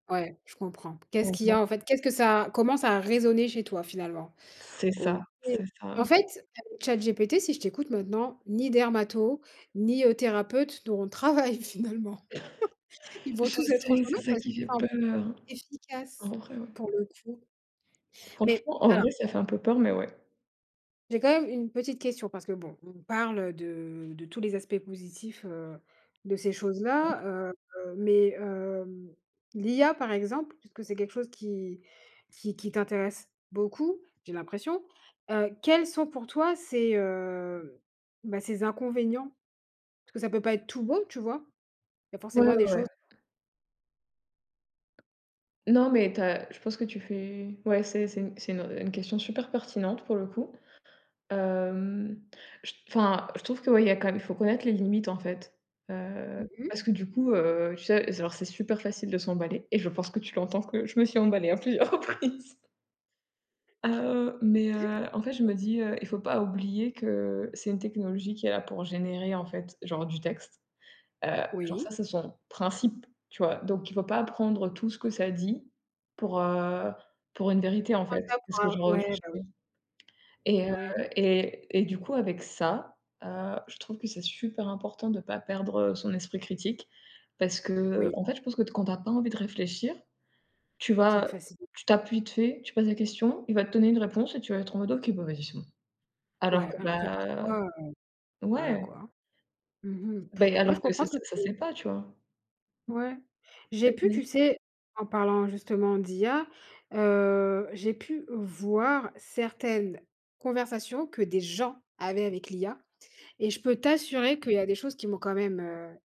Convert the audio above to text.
Ouais, je comprends. Qu'est-ce Mmh qu'il y mh. a, en fait, qu'est-ce que ça a comment ça a résonné chez toi, finalement, C'est ça, OK, c'est en ça. fait, avec ChatGPT, si je t'écoute maintenant, ni dermato, ni, heu, thérapeutes n'auront de travail, finalement? Ils Je vont tous être au sais, c'est chômage ça parce qui qu'il fait semble peur, en efficace vrai, ouais. pour le coup mais Franchement, en alors vrai, ça fait un peu peur mais ouais. J'ai quand même une petite question parce que, bon, on parle de de tous les aspects positifs, heu, de ces [unintelligible] choses-là, heu heu, mais hem, l'IA par exemple, puisque c'est quelque chose qui qui qui t'intéresse beaucoup, j'ai l'impression, heu, quels sont pour toi ses, heu, bah, ses inconvénients parce que ça peut pas être tout beau, tu vois, il y a Ouais, forcément des ouais. choses Non, mais tu as je pense que tu fais ouais, c'est c'est c'est une, heu, une question super pertinente pour le coup, hem, je t enfin, je trouve que, ouais, il y a quand même il faut connaître les limites, en fait, heu, Mmh mh. parce que du coup, heu, tu sais, alors c'est super facile de s'emballer et je pense que tu l'entends que je me suis emballée à plusieurs reprises. Heu, mais [unintelligible] heu, en fait, je me dis, heu: «Il faut pas oublier que c'est une technologie qui est là pour générer, en fait, genre, du texte», heu, genre, ça, Oui. c'est son principe, tu vois, donc il faut pas prendre tout ce que ça dit, pour, heu, pour une vérité, en Prendre ça fait, parce que, pour genre, heu, ouais, juste, bah, heu oui. et Eh heu ouais. et et du coup, avec ça, heu, je trouve que c'est super important de pas perdre son esprit critique parce Oui. qu'en fait, je pense que quand tu as pas envie de réfléchir, tu C'est une vas facil tu tapes vite fait, tu poses la question, il va te donner une réponse et tu vas être en mode «OK, bah, vas-y, c'est bon», alors Ouais, que, alors que bah parfois, heu, voilà, ouais. quoi. Mmh mh. Bah et Ouais, je alors que comprends ça ce que ça, ça tu sait pas, tu vois? Ouais. J'ai pu, [unintelligible] tu sais, en parlant justement d'IA, heu, j'ai pu voir certaines conversations que des gens avaient avec l'IA et je peux t'assurer qu'il y a des choses qui m'ont quand même, heu